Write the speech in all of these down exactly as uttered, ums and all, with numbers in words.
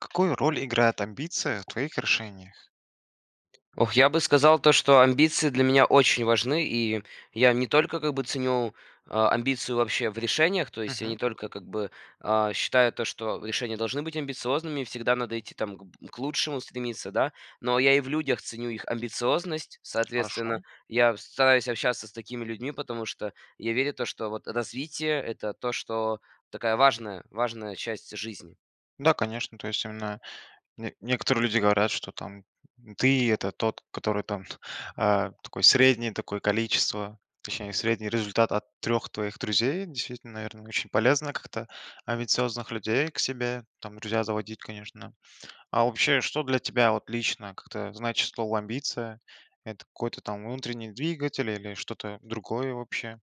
Какую роль играют амбиции в твоих решениях? Ох, я бы сказал то, что амбиции для меня очень важны, и я не только, как бы, ценю, а, амбиции вообще в решениях, то есть я не Мгм. только, как бы, а, считаю то, что решения должны быть амбициозными, всегда надо идти, там, к б к лучшему стремиться, да. Но я и в людях ценю их амбициозность, Хорошо. соответственно, я с стараюсь общаться с такими людьми, потому что я верю то, что, вот, развитие- это то, что такая важная важная часть жизни. Да, конечно. То есть она не некоторые люди говорят, что, там, м, ты- это тот, который, там, а, такой среднее такое количество, точнее, средний результат от трех твоих друзей. Действительно, наверно, очень полезно как-то амбициозных людей к себе там друзья заводить, конечно. А вообще, что для тебя вот лично, как-то, значит слово "амбиция"? Это какой-то, там, внутренний двигатель, или что-то другое вообще?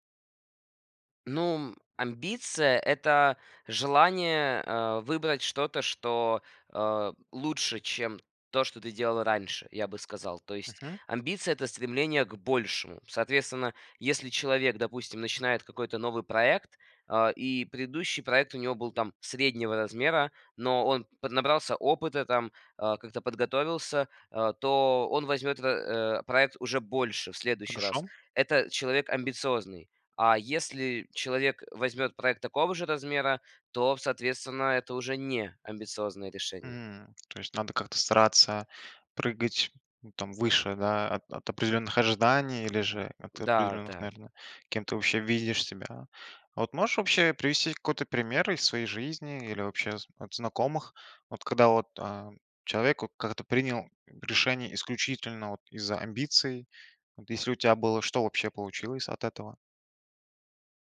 Ну, м, амбиция- это желание, а, выбрать что-то, что, а, лучше, чем то, что ты делал раньше, я бы сказал. То есть Мгм. амбиция- это стремление к большему. Соответственно, если человек, допустим, начинает какой-то новый проект, а, и предыдущий проект у него был там среднего размера, но он поднабрался опыта, там, а, как-то подготовился, а, то он возьмёт в э, проект уже больше в следующий Хорошо. раз. Это человек амбициозный, а если человек возьмет проект такого же размера, то, соответственно, это уже не амбициозные решения. М, то есть надо как-то стараться прыгать, там, выше, да, от от определенных ожиданий или же от Да, определенных, да. наверно кем ты вообще видишь себя. А вот можешь вообще привести какой-то пример из своей жизни или вообще з от знакомых? Вот когда вот, а, человек, вот, как-то принял, м, решение исключительно, вот, из-за амбиций. Вот если у тя было, что вообще получилось от этого?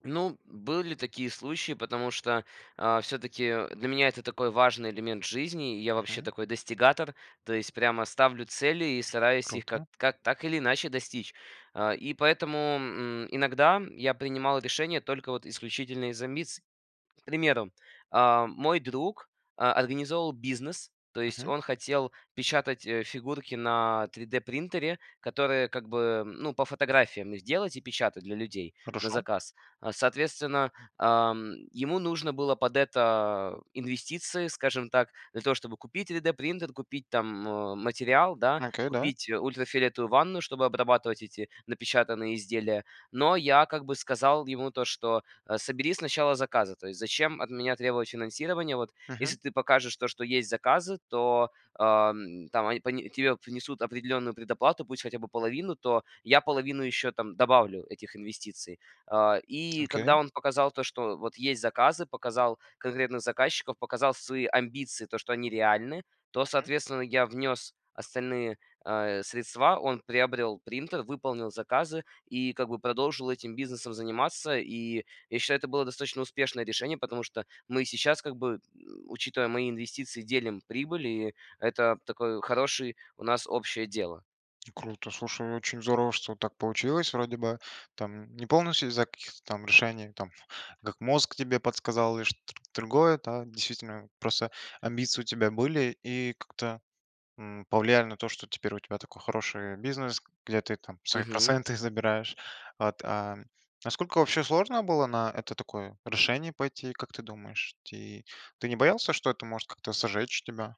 Ну, были такие случаи, потому что, а, всё-таки для меня это такой важный элемент в жизни. Я вообще Мгм. такой достигатор, то есть прямо ставлю цели и стараюсь их ка Круто. как так или иначе достичь. А, и поэтому, м, иногда я принимал решения только, вот, исключительно из-за амбиций. К примеру, а, мой друг, э, организовывал бизнес, то есть Мгм. он хотел печатать, э, фигурки на три дэ принтере, которые как бы, ну, по фотографиям их делать и печатать для людей на Хорошо. заказ. А, соответственно, ам, ему нужно было под это инвестиции, скажем так, для того чтобы купить три дэ принтер, купить там, э, материал, да, Окей, да. купить ультрафиолетовую ванну, чтобы обрабатывать эти напечатанные изделия. Но я, как бы, сказал ему то что, э: "Собери сначала заказы". То есть зачем от меня требовать финансирование? Вот Мгм. если ты покажешь то что есть заказы, то, эм, там они пони тебе внесут определенную предоплату, пусть хотя бы половину, то я половину ещё, там, добавлю этих инвестиций. Э, и Окей. когда он показал то что, вот, есть заказы, показал конкретных заказчиков, показал свои амбиции, то что они реальны, то, Мгм. соответственно, я внес остальные, э, средства. Он приобрел принтер, выполнил заказы и как бы продолжил этим бизнесом заниматься. И я считаю, это было достаточно успешное решение, потому что мы сейчас, как бы, м, учитывая мои инвестиции, делим прибыль, и это такое хороший у нас общее дело. Круто! Слушай, очень здорово, что так получилось. Вроде бы там не полностью из-за каких-то там решений, там, как мозг тебе подсказал или шт тр другое, да действительно просто амбиции у тебя были и как-то, м, повлияли на то, что теперь у тебя такой хороший бизнес, где ты там свои Мгм. проценты забираешь. А т а сколько вообще сложно было на это такое решение пойти? Как ты думаешь, ти ты не боялся, что это может как-то "сожечь" тебя?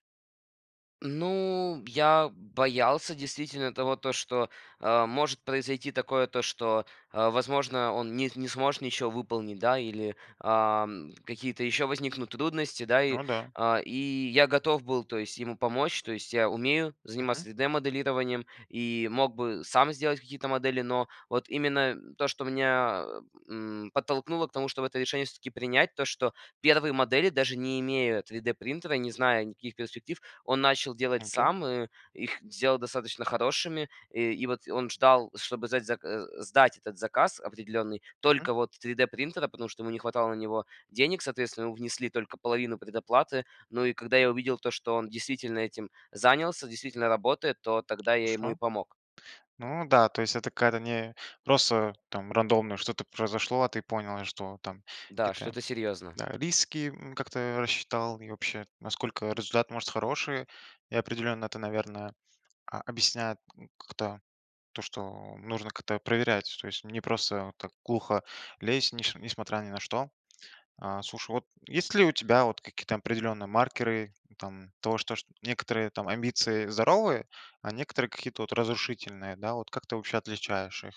Ну, я боялся, действительно, того, то, что, а, может произойти такое, то, что, а, возможно, он не не сможет ничё выполнить, да. Или, ам, какие-то еще возникнут трудности. Да, и, Ну да. а, и я готов был, то есть, ему помочь. То есть, я умею заниматься Мгм. 3D-моделированием, и мог бы сам сделать какие-то модели, но, вот именно то, что меня, м, подтолкнуло к тому, чтобы это решение всё-таки принять. То, что первые модели, даже не имея 3D-принтера, не зная никаких перспектив, он начал делать Окей. сам, и их сделал достаточно хорошими. И, и, вот, он ждал, чтобы сдать, э, сдать этот заказ определенный Мгм. только, вот, 3D-принтера, потому что ему не хватало на него денег, соответственно, внесли только половину предоплаты. Ну, и, когда я увидел то, что он действительно этим занялся, действительно работает, то тогда я ему и Хорошо. помог. Ну да, то есть это какая-то не просто, там, рандомно, что-то произошло. А ты понял, что, там, Да, какие-то что-то серьезно. да, риски, м, как-то рассчитал и вообще, насколько результат может хороший. И определенно это, наверное, а, объясняет н как-то то, что нужно как-то проверять, то есть не просто так глухо лезть, неш несмотря ни на что. А, слушай, вот, есть ли у тебя, вот, какие-то определенные маркеры, там, того, то, что некоторые там амбиции здоровые, а некоторые какие-то, вот, разрушительные, да? Вот, как ты вообще отличаешь их?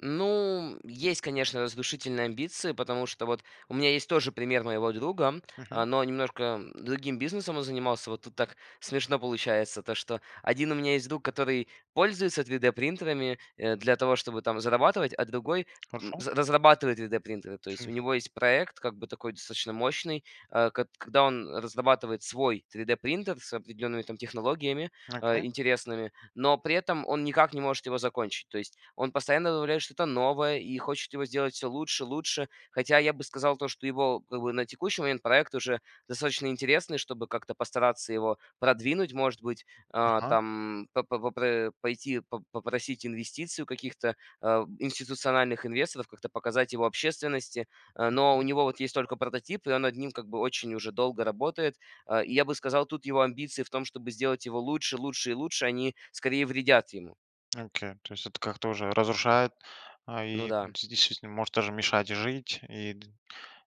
Ну, есть, конечно, разрушительные амбиции. Потому что вот у меня есть тоже пример моего друга, Мгм. э, но немножко другим бизнесом он занимался. Вот тут так смешно получается, то что один у меня есть друг, который пользуется 3D-принтерами, э, для того, чтобы там зарабатывать, а другой, м, Хорошо. разрабатывает 3D-принтеры. То есть у него есть проект, как бы такой, достаточно мощный, э к когда он разрабатывает свой 3D-принтер с определенными там технологиями, а, Окей. интересными, но при этом он никак не может его закончить. То есть он постоянно добавляет что-то новое и хочет его сделать всё лучше, лучше. Хотя я бы сказал, то что его, как бы, на текущий момент- проект уже достаточно интересный, чтобы как-то постараться его продвинуть. Может быть, а, Ага. там по попр пойти по попросить инвестиций у каких-то, э, институциональных инвесторов, как-то показать его общественности, э. Но у Мгм. него вот есть только прототип, и он над ним как бы очень уже долго работает. Э, и я бы сказал, тут его амбиции в том, чтобы сделать его лучше, лучше и лучше, они скорее вредят ему. Окей, то есть это как-то уже разрушает, а, Ну и да. де действительно может даже мешать жить. И д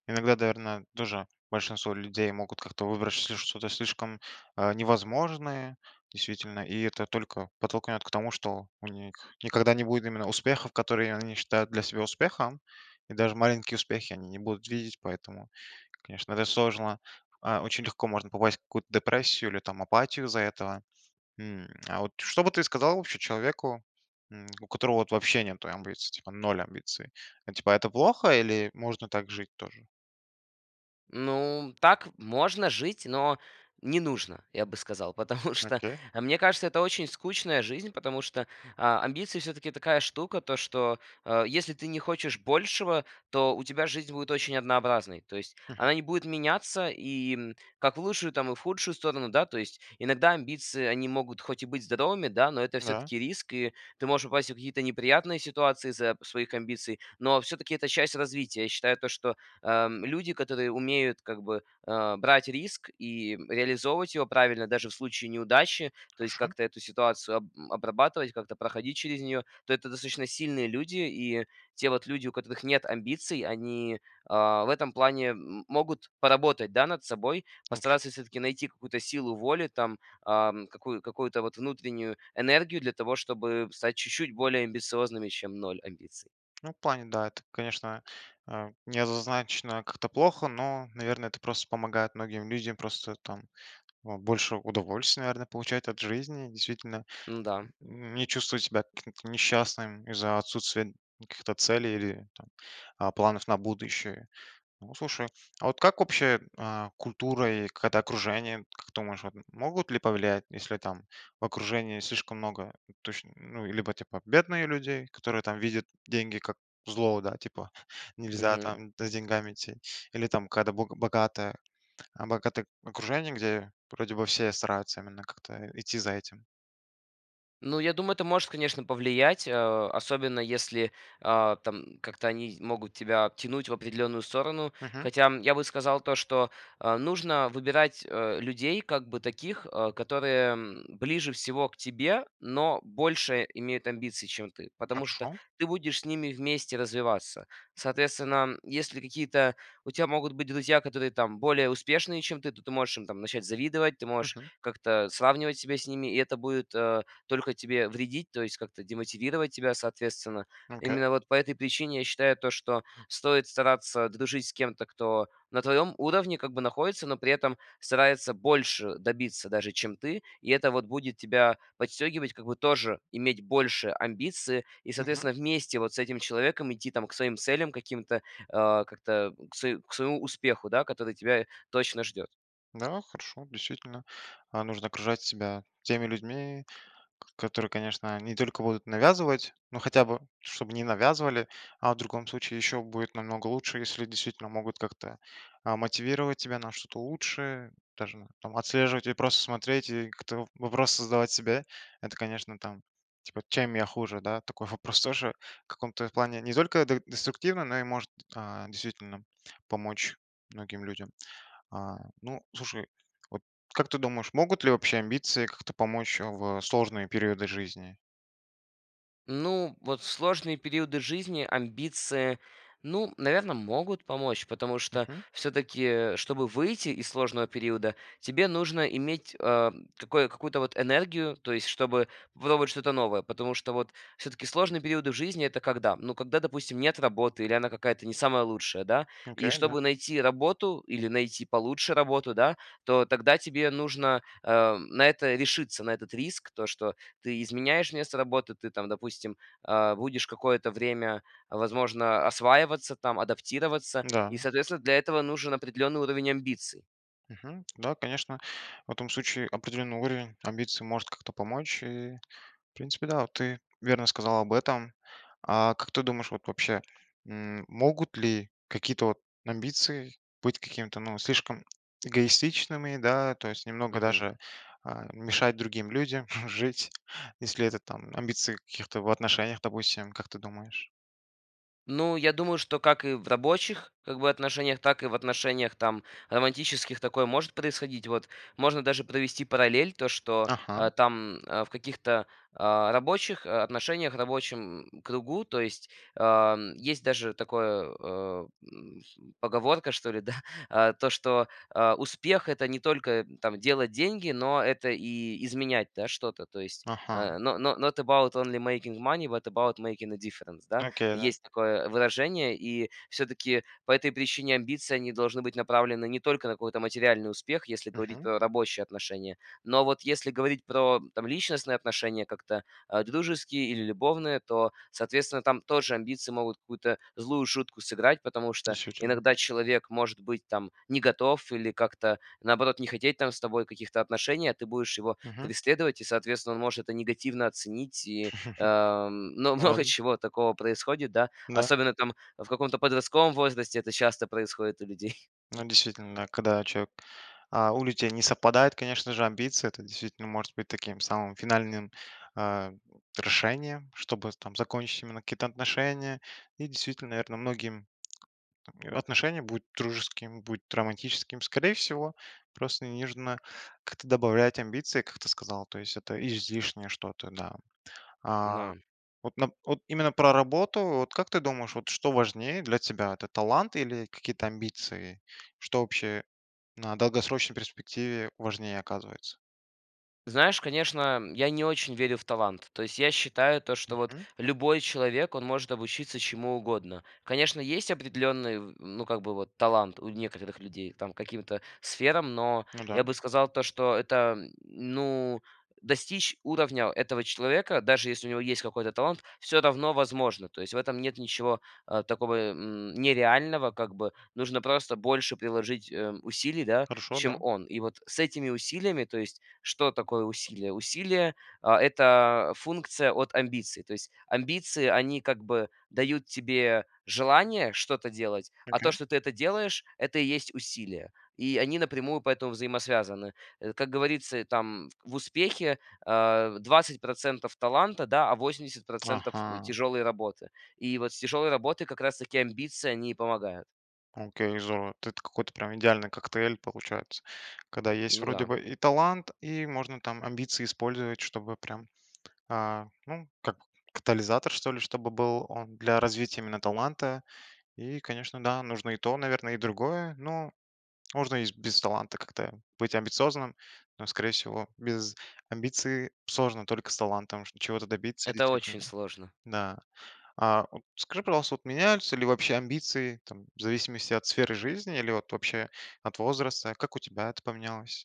Иногда, наверно, тоже большинство людей могут как-то выбрать чл что-то слишком, э, невозможное. Действительно, и это только подтолкнет к тому, что у них никогда не будет именно успехов, которые они считают для себя успехом, и даже маленькие успехи они не будут видеть. Поэтому, конечно, это сложно. А, очень легко можно попасть в какую-то депрессию или там апатию из-за этого. М, а, вот что бы ты сказал вообще человеку, м, у которого вот вообще нету амбиций, типа ноль амбиций? Типа это плохо, или можно так жить тоже? Ну, м, так можно жить. Но не нужно, я бы сказал. Потому что, Окей. мне кажется, это очень скучная жизнь. Потому что, а, амбиции всё-таки такая штука. То, что, э, если ты не хочешь большего, то у тебя жизнь будет очень однообразной. То есть Мгм. она не будет меняться и, м, как в лучшую, там и в худшую сторону. Да, то есть иногда амбиции- они могут хоть и быть здоровыми, да, но это Да. всё-таки риск, и ты можешь попасть в какие-то неприятные ситуации из-за своих амбиций. Но всё-таки это часть развития. Я считаю то, что, э, м, люди, которые умеют как бы, э, брать риск и, м, реализовывать его правильно даже в случае неудачи, то есть Хорошо. как-то эту ситуацию об обрабатывать, как-то проходить через неё, то это достаточно сильные люди. И те вот люди, у которых нет амбиций, они, э, в этом плане, м, могут поработать, да, над собой: Окей. постараться всё-таки найти какую-то силу воли там, ам, какую какую-то вот внутреннюю энергию для того, чтобы стать чуть-чуть более амбициозными, чем ноль амбиций. Ну, в плане, да, это, конечно, э, не однозначно как-то плохо. Но, наверно, это просто помогает многим людям просто там, э, больше удовольствия, наверно, получать от жизни. Действительно, Н-да. м, не чувствовать себя каким-то несчастным из-за отсутствия каких-то целей или там, э, планов на будущее. Ну, слушай А вот как общая, э, культура и какая-то окружение, как думаешь вот, могут ли повлиять? Если там в окружении слишком много, точно, ну, э, либо, типа, бедные людей, которые там видят деньги как зло, да, типа, нельзя Мгм. там за деньгами идти, или там когда бога богатое э, богатое окружение, где вроде бы все стараются именно как-то, э, идти за этим. Ну, я думаю это может, конечно, повлиять, э, особенно, если, а, там как-то они могут тебя тянуть в определенную сторону. Мгм. Хотя я бы сказал то, что, э, нужно выбирать, э, людей как бы таких, э, которые, м, ближе всего к тебе, но больше имеют амбиций, чем ты, потому что Хорошо. ты будешь с ними вместе развиваться. Соответственно, м, если какие-то у тя могут быть друзья, которые, там, более успешные, чем ты, то ты можешь им, там, начать завидовать, ты можешь Мгм. как-то сравнивать себя с ними, и это будет, э, только тебе вредить, то есть как-то демотивировать тебя, соответственно. Окей. Именно вот по этой причине я считаю, то что стоит стараться дружить с кем-то, кто на твоем уровне, как бы, находится, но при этом старается больше добиться даже чем ты, и это, вот, будет тебя подстегивать, как бы, тоже иметь большие амбиции и Мгм. соответственно вместе вот с этим человеком идти, там, к своим целям каким-то, э, как-то, э, к свое к своему успеху, да, который тебя точно ждет. Да, хорошо. Действительно, а, нужно окружать себя теми людьми, которые, конечно, не только будут навязывать, но хотя бы чтобы не навязывали, а в другом случае ещё будет намного лучше, если действительно могут как-то, а, мотивировать тебя на что-то лучшее, даже, там, отслеживать и просто смотреть, и как-то вопросы задавать себе. Это, конечно, там, типа: "чем я хуже, да?" Такой вопрос тоже, в каком-то плане, не только де деструктивно, но и может, а, действительно помочь многим людям. А, ну, слушай, вот как ты думаешь, могут ли общие амбиции как-то помочь, а, в сложные периоды жизни? Ну, вот в сложные периоды жизни амбиции, ну, наверно, могут помочь, потому что Мгм. всё-таки, э, чтобы выйти из сложного периода, тебе нужно иметь, а, м, такое, какую-то вот энергию, то есть чтобы было вот что-то новое. Потому что, вот всё-таки сложные периоды в жизни это когда? Ну, когда, допустим, нет работы, или она какая-то не самая лучшая, да. И Окей. Да. чтобы найти работу или найти получше работу, да, то тогда тебе нужно, э, м, на это решиться, на этот риск, то что ты изменяешь место работы, ты, там, допустим, а, будешь какое-то время, возможно, осваиваться, там, адаптироваться, и Да. соответственно для этого нужен определенный уровень амбиций. Мгм. Да, конечно. В этом случае определенный уровень амбиций может как-то помочь и В принципе, да, вот ты верно сказала об этом. А, как ты думаешь, вот вообще, м, могут ли какие-то вот амбиции быть какими-то, ну, слишком эгоистичными, да, то есть немного Мгм. даже, а, мешать другим людям жить, если это там, амбиции каких-то в отношениях, допустим, как ты думаешь? Ну, я думаю, что как и в рабочих, как бы, отношениях, так и в отношениях там романтических такое может происходить. Вот. Можно даже провести параллель, то что Ага. там, э, в каких-то, а, рабочих о отношениях, рабочем кругу, то есть, а, м есть даже такое, э, м, поговорка, что ли да, то что, э, успех- это не только там делать деньги, но это и изменять, да, что-то, то есть: Ага. "No no not about only making money, but about making a difference", да? Окей, да. Есть такое выражение, и всё-таки по этой причине амбиции, они должны быть направлены не только на какой-то материальный успех, если говорить Мгм. про рабочие отношения, но вот если говорить про, там, личностные отношения, как-то, а, дружеские, или любовные, то соответственно там тоже амбиции могут какую-то злую шутку сыграть, потому что Действительно. иногда человек может быть, там, не готов, или как-то наоборот не хотеть, там, с тобой каких-то отношений, а ты будешь его Мгм. преследовать и соответственно он может это негативно оценить и, э, но много Ладно. чего такого происходит, да. Да. Особенно там, в каком-то подростковом возрасте это часто происходит у людей. Но действительно, да, когда человек а, у людей не совпадают конечно же амбиции это действительно может быть таким самым финальным, а, решением, чтобы там закончить именно какие-то отношения. И, действительно, наверное, многим Там не отношения будут дружескими, будут романтическими. Скорее всего, просто не нужно, как-то добавлять амбиции, как ты сказал. То есть это излишнее что-то, да. А, На вот нап от именно про работу. Вот как ты думаешь, вот что важнее для тебя- это талант или какие-то амбиции? Что вообще на долгосрочной перспективе важнее оказывается? Знаешь, конечно, я не очень верю в талант, то есть я считаю то, что вот Мгм. любой человек, он может обучиться чему угодно. Конечно, есть определенный в ну, как бы вот талант у некоторых людей там к каким-то сферам. Но Ну я да. бы сказал то, что это, ну достичь уровня этого человека, даже если у него есть какой-то талант, всё равно возможно. То есть в этом нет ничего, э, такого, м, нереального, как бы. Нужно просто больше приложить, э, усилий, да, Хорошо, чем да. он. И вот с этими усилиями То есть что такое усилия? Усилия- э, это функция от амбиций. То есть амбиции, они как бы дают тебе желание что-то делать, а Окей. то, что ты это делаешь,- это и есть усилия. И они напрямую поэтому взаимосвязаны. Э, как говорится там: в успехе, э, двадцать процентов таланта, да, а восемьдесят процентов, э, Ага. тяжелой работы. И вот с тяжелой работой как раз таки амбиции, они помогают. Oкей. Здорово. Это какой-то прям идеальный коктейль получается. Когда есть Ну вроде да. бы и талант, и можно там амбиции использовать, чтобы прям, а, ну, как катализатор, что ли, чтобы был он для развития именно таланта. И конечно, да, нужно и то, наверно, и другое, но можно и без таланта как-то быть амбициозным. Но, скорее всего, без амбиций сложно только с талантом что чего-то добиться, Это очень действительно. сложно. Да. А, подскажи, пожалуйста, вот меняются ли вобще амбиции там в зависимости от сферы жизни, или вот вообще от возраста? Как у тебя это поменялось?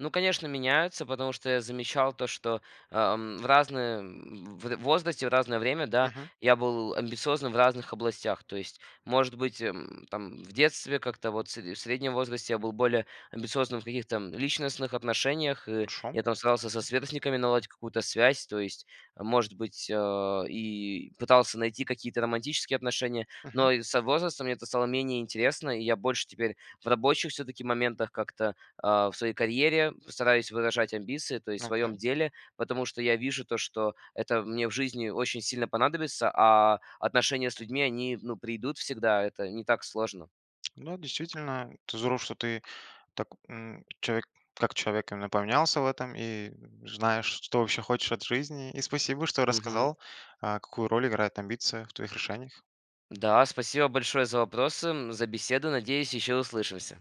Ну, конечно, меняются, потому что я замечал то, что, э эм, в разное в возрасте в разное время, да, Мгм. я был амбициозным в разных областях. То есть, может быть, м, там в детстве как-то вот, сре в среднем возрасте, я был более амбициозным в каких-то, м, личностных отношениях. И Хорошо. я там старался со Мгм. сверстниками наладить какую-то связь. То есть, может быть, э, и пытался найти какие-то романтические отношения. Мгм. Но и со возрастом мне это стало менее интересно. И я больше теперь в рабочих всё-таки моментах как-то, э, в своей карьере стараюсь выражать амбиции, то есть в своем Окей. деле, потому что я вижу то, что это мне в жизни очень сильно понадобится, а отношения с людьми, они, ну, прийдут всегда, это не так сложно. Да, действительно, это здорово, что ты так, м, человек как человек именно поменялся в этом и знаешь, что вообще хочешь от жизни. И спасибо, что Мгм. рассказал, э, какую роль играет амбиция в твоих решениях. Да, спасибо большое за вопросы, м, за беседу! Надеюсь, еще услышимся.